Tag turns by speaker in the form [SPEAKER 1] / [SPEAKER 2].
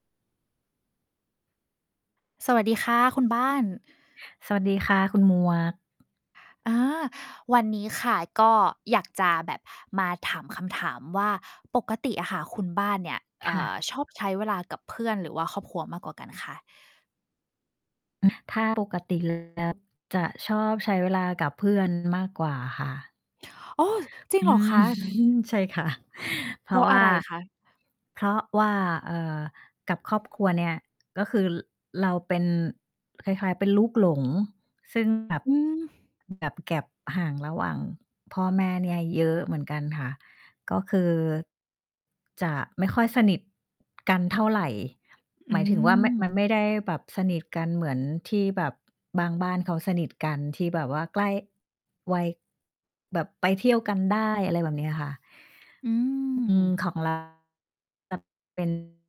[SPEAKER 1] สวัสดีค่ะคุณบ้าน
[SPEAKER 2] สวัสดีค่ะ คุณหมวก
[SPEAKER 1] อา วันนี้ค่ะ ก็อยากจะแบบมาถามคำถามว่า ปกติอะค่ะคุณบ้านเนี่ย เอ
[SPEAKER 2] ค
[SPEAKER 1] ่
[SPEAKER 2] ่
[SPEAKER 1] อ
[SPEAKER 2] ะ
[SPEAKER 1] ชอบใช้เวลากับเพื่อน หรือว่าครอบครัวมากกว่ากันคะ?
[SPEAKER 2] ถ้าปกติ เลยแล้ว จะชอบใช้เวลากับ เพื่อน มากกว่าค่ะ
[SPEAKER 1] อ๋อ จริ
[SPEAKER 2] อ
[SPEAKER 1] งเหร
[SPEAKER 2] ื
[SPEAKER 1] อ
[SPEAKER 2] ้
[SPEAKER 1] ค
[SPEAKER 2] อ
[SPEAKER 1] ะ?
[SPEAKER 2] ฮือ ใช่ค่ะ เพ
[SPEAKER 1] เพ
[SPEAKER 2] รา
[SPEAKER 1] รา
[SPEAKER 2] ะ
[SPEAKER 1] ะ
[SPEAKER 2] ว
[SPEAKER 1] อ
[SPEAKER 2] ่
[SPEAKER 1] ะ
[SPEAKER 2] า
[SPEAKER 1] ไรคะ?
[SPEAKER 2] เพราะว่า เอ่อ กับครอบครัวเนี่ย ก็คือ ร เราเป็นคล้าย ๆ เป็นลูกหลง ซึ่ง แบบ
[SPEAKER 1] อืม
[SPEAKER 2] แบบ gap ห่างระหว่างพ่อแม่เนี่ยเยอะเหมือนกันค่ะ ก็คือ จะไม่ค่อยสนิทกันเท่าไร
[SPEAKER 1] อ
[SPEAKER 2] หมายถึงว่า ม
[SPEAKER 1] ืม
[SPEAKER 2] มันไม่ได้แบบสนิทกันเหมือนที่แบบบางบ้านเขาสนิทกัน ที่แบบว่าใกล้ วัย แบบไปเที่ยวกันได้ อะไรแบบเนี้ยค่ะ
[SPEAKER 1] อื
[SPEAKER 2] อืม
[SPEAKER 1] ม
[SPEAKER 2] ของ เรา แบบ เป็น